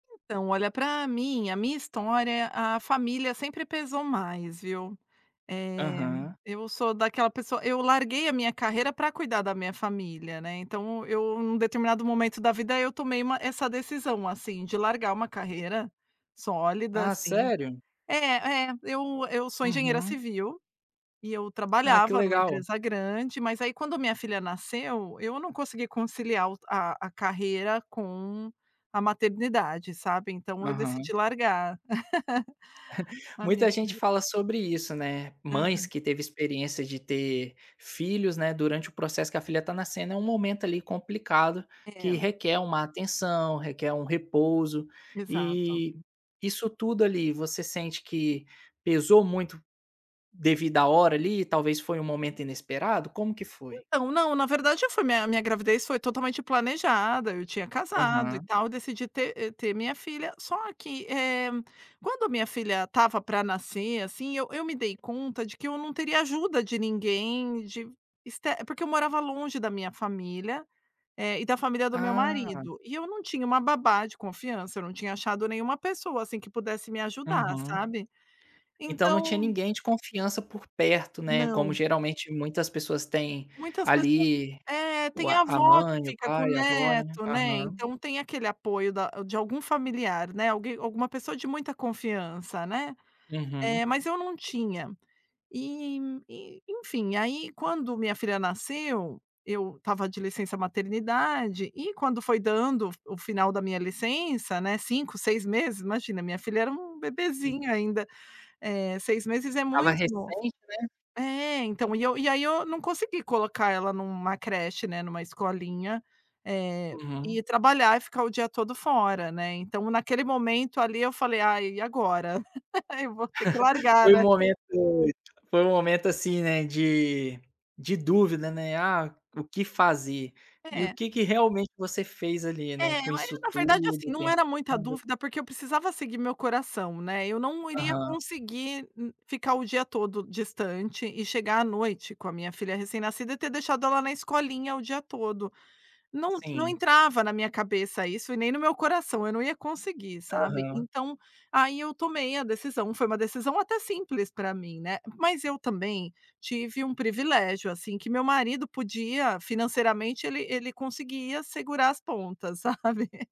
Então olha pra mim, a minha história, a família sempre pesou mais, viu. Eh, Aham. eu sou daquela pessoa eu larguei a minha carreira pra cuidar da minha família, né. Então eu num determinado momento da vida eu tomei uma essa decisão assim de largar uma carreira, sólida Ah assim. sério? É é eu eu sou engenheira Uhum. civil, e eu Ah, que trabalhava numa legal. empresa grande, mas aí quando a minha filha nasceu, eu não consegui conciliar o t a a carreira com a maternidade, sabe. Então eu Aham. decidi largar a minha Muita gente carre fala sobre isso, né, mães Aham. que teve experiência de ter filhos, né, durante o processo que a filha tá nascendo é um momento ali complicado, que É. requer uma atenção, requer um repouso, Exato. e isso tudo ali você sente que pesou muito devido a hora ali, talvez foi um momento inesperado, como que foi? Então, não, verdade eu fui minha minha gravidez foi totalmente planejada, eu tinha casado e Aham. tal, decidi ter e ter minha filha, só que, eh, quando a minha filha estava pra nascer, assim, eu eu me dei conta de que eu não teria ajuda de ninguém, de ester porque eu morava longe da minha família, eh, e da família do meu Ah. marido, e eu não tinha uma babá de confiança, não tinha achado nenhuma pessoa, assim, que pudesse me ajudar, Uhum. sabe. Então não tinha Então ninguém de confiança por perto, né, como Não. geralmente muitas pessoas têm Muitas pessoas ali, é o tem a a a avó que mãe, o fica com pai, a avó né? neto, né. Aham. Então tem aquele apoio da de algum familiar, né, alguém, alguma pessoa de muita confiança, né, Uhum. eh, mas eu não tinha. E e enfim aí quando minha filha nasceu, eu estava de licença-maternidade, e quando foi dando o f o final da minha licença, né, 5, 6 meses, imagina minha filha era um Sim. bebezinho ainda, eh, 6 meses é Estava muito novo. recente, né? É, então e eu e aí eu não consegui colocar ela numa creche, né, em uma escolinha, eh, e Uhum. trabalhar e ficar o dia todo fora, né. Então naquele momento ali eu falei: "Ai e agora? Eu vou ter que largar, Foi um né?". momento foi um momento, assim, né, de de dúvida, né, ah, o que fazer? E o É. que que realmente você fez ali, né, É, com e isso na verdade assim, tudo, não era muita pensando? dúvida, porque eu precisava seguir meu coração, né. Eu não iria Aham. conseguir n ficar o dia todo distante e chegar à noite com a minha filha recém-nascida e ter deixado ela na escolinha o dia todo. Não não Sim. entrava na minha cabeça isso e nem no meu coração, eu não ia conseguir, sabe. Aham. Então aí eu tomei a decisão, foi uma decisão até simples para mim, né, mas eu também tive um privilégio, assim, que meu marido podia, financeiramente ele ele conseguia segurar as pontas, sabe.